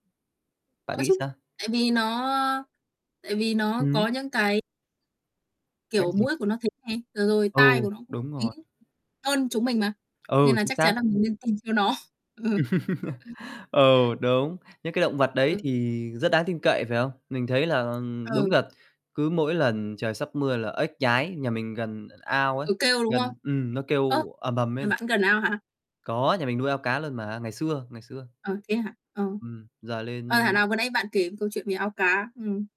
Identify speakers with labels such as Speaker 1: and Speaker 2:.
Speaker 1: Có
Speaker 2: Bạn nghĩ
Speaker 1: chứ,
Speaker 2: sao?
Speaker 1: tại vì nó, ơ, tại vì nó
Speaker 2: Hứm?
Speaker 1: có những cái
Speaker 2: Cái
Speaker 1: kiểu,
Speaker 2: gì?
Speaker 1: mũi của nó thính này, và rồi
Speaker 2: Ừ,
Speaker 1: tai của nó cũng
Speaker 2: đúng
Speaker 1: thính
Speaker 2: rồi.
Speaker 1: hơn chúng mình mà,
Speaker 2: Ừ,
Speaker 1: nên là
Speaker 2: chính
Speaker 1: chắc
Speaker 2: xác.
Speaker 1: chắn là mình nên tin theo nó. Ừ. [unintelligible]
Speaker 2: Ừ, đúng, những cái động vật đấy
Speaker 1: Ừ.
Speaker 2: thì rất đáng tin cậy, phải không? Mình thấy là đúng
Speaker 1: Ừ.
Speaker 2: là cứ mỗi lần trời sắp mưa là ếch nhái, nhà mình gần ao ấy,
Speaker 1: Ừ, kêu, đúng không?
Speaker 2: gần ừm, nó
Speaker 1: Ơ,
Speaker 2: kêu ầm ầm
Speaker 1: nhà
Speaker 2: lên.
Speaker 1: bạn gần ao hả?
Speaker 2: Có, nhà mình nuôi ao cá luôn mà, ngày xưa, ngày xưa.
Speaker 1: Ờ, thế hả? Ờ.
Speaker 2: Ừm, giờ
Speaker 1: Ờ, thảo
Speaker 2: lên
Speaker 1: nào vừa nãy bạn kể về câu chuyện về ao cá. Ừm.